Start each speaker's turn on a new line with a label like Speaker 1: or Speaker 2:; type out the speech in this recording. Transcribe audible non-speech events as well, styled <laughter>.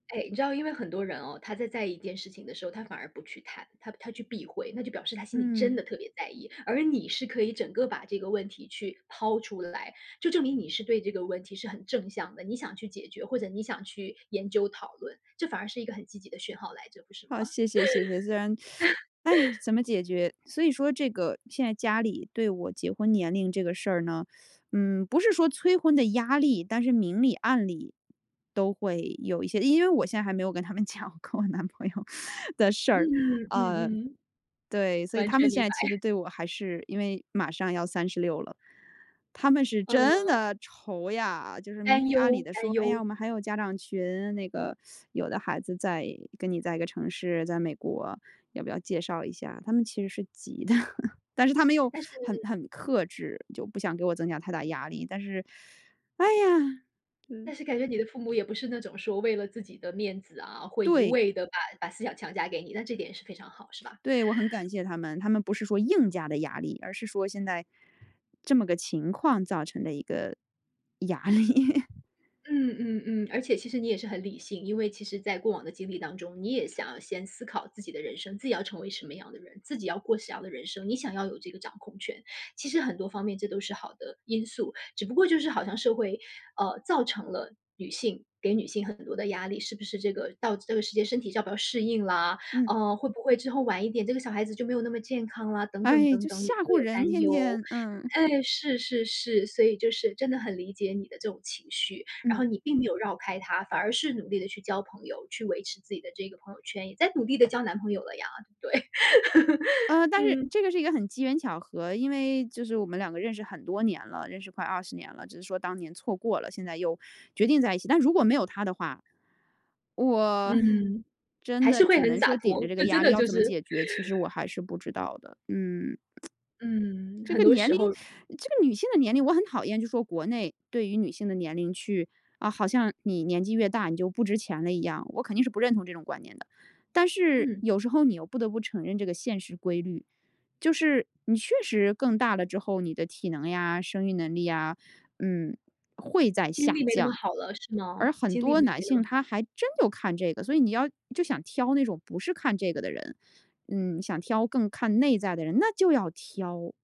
Speaker 1: 哎，你知道，因为很多人哦，他在在意一件事情的时候，他反而不去谈，他他去避讳，那就表示他心里真
Speaker 2: 嗯。
Speaker 1: 的特别在意。而你是可以整个把这个问题去抛出来，就证明你是对这个问题是很正向的，你想去解决，或者你想去研究讨论，这反而是一个很积极的讯号来着，不是吗？
Speaker 2: 好，谢谢谢谢。虽然 <sucks teeth> 哎呀，
Speaker 1: <laughs>
Speaker 2: 怎么解决？所以说这个现在家里对我结婚年龄这个事儿呢，<sucks teeth> 嗯，不是说催婚的压力，但是明里暗里都会有一些因为我现在还没有跟他们讲，跟我男朋友的事
Speaker 1: 嗯
Speaker 2: 儿。
Speaker 1: 嗯嗯
Speaker 2: 呃，
Speaker 1: 嗯嗯。
Speaker 2: 对，所以
Speaker 1: 完
Speaker 2: 他们
Speaker 1: 全
Speaker 2: 现
Speaker 1: 明
Speaker 2: 在
Speaker 1: 白。
Speaker 2: 其实对我还是因为马上要36了，他们是真
Speaker 1: 嗯。
Speaker 2: 的愁呀，就是明
Speaker 1: 担
Speaker 2: 里暗里
Speaker 1: 忧，
Speaker 2: 地说，
Speaker 1: 担
Speaker 2: 哎呀，
Speaker 1: 忧。
Speaker 2: 我们还有家长群，那个 <sucks teeth> 有的孩子在跟你在一个城市，在美国，要不要介绍一下？他们其实是急的，但是他们又
Speaker 1: 但是
Speaker 2: 很很克制，就不想给我增加太大压力，但是，<sucks teeth> 哎呀，嗯。
Speaker 1: 但是感觉你的父母也不是那种说为了自己的面子啊，会一
Speaker 2: 对。
Speaker 1: 味地把把思想强加给你，那这点是非常好，是吧？
Speaker 2: 对，我很感
Speaker 1: <inhales>
Speaker 2: 谢他们，他们不是说硬加的压力，而是说现在这么个情况造成的一个压力。
Speaker 1: 嗯嗯嗯，而且其实你也是很理性，因为其实在过往的经历当中，你也想先思考自己的人生，自己要成为什么样的人，自己要过什么样的人生，你想要有这个掌控权。其实很多方面这都是好的因素，只不过就是好像社会，呃，造成了女性给女性很多的压力，是不是这个到这个世界身体要不要适应啦？
Speaker 2: 嗯。
Speaker 1: 呃，会不会之后晚一点，这个小孩子就没有那么健康啦？等等
Speaker 2: 唉，
Speaker 1: 等
Speaker 2: 就
Speaker 1: 等，
Speaker 2: 吓
Speaker 1: 你会
Speaker 2: 唬
Speaker 1: 有
Speaker 2: 人
Speaker 1: 担
Speaker 2: 天
Speaker 1: 忧。
Speaker 2: 天，嗯。
Speaker 1: 哎，是是是，所以就是真的很理解你的这种情绪，然后
Speaker 2: 嗯。
Speaker 1: 你并没有绕开它，反而是努力地去交朋友，去维持自己的这个朋友圈也在努力地交男朋友了呀，对。
Speaker 2: 呃，
Speaker 1: <laughs>
Speaker 2: 但是
Speaker 1: 嗯。
Speaker 2: 这个是一个很机缘巧合，因为就是我们2个认识很多年了，认识快20年了，只是说当年错过了，现在又决定在一起。但如果没有他的话，我
Speaker 1: 嗯，
Speaker 2: 真
Speaker 1: 还
Speaker 2: 的
Speaker 1: 是会
Speaker 2: 只
Speaker 1: 很
Speaker 2: 能
Speaker 1: 洒
Speaker 2: 说顶着
Speaker 1: 脱，
Speaker 2: 这个
Speaker 1: 就真
Speaker 2: 压力
Speaker 1: 的
Speaker 2: 要
Speaker 1: 就
Speaker 2: 怎么
Speaker 1: 是 <inhales>
Speaker 2: 解决？其实我还是不知道的。嗯。<tsk>
Speaker 1: 嗯，
Speaker 2: 这
Speaker 1: 很
Speaker 2: 个
Speaker 1: 多
Speaker 2: 年
Speaker 1: 时
Speaker 2: 龄，
Speaker 1: 候
Speaker 2: <sucks teeth> 这个女性的年龄我很讨厌，就说国内对于女性的年龄去，啊，好像你年纪越大，你就不值钱了一样，我肯定是不认同这种观念的。但是
Speaker 1: 嗯。
Speaker 2: 有时候你又不得不承认这个现实规律，就是你确实更大了之后，你的体能呀，生育能力呀，嗯，会在
Speaker 1: 精
Speaker 2: 下
Speaker 1: 力没那么
Speaker 2: 降。
Speaker 1: 好了是
Speaker 2: 而
Speaker 1: 吗？
Speaker 2: 很
Speaker 1: 精力
Speaker 2: 多
Speaker 1: 没
Speaker 2: 男
Speaker 1: 那
Speaker 2: 性
Speaker 1: 么好。
Speaker 2: 他还真就看这个，所以你要就想挑那种不是看这个的人，嗯，想挑更看内在的人，那就要挑。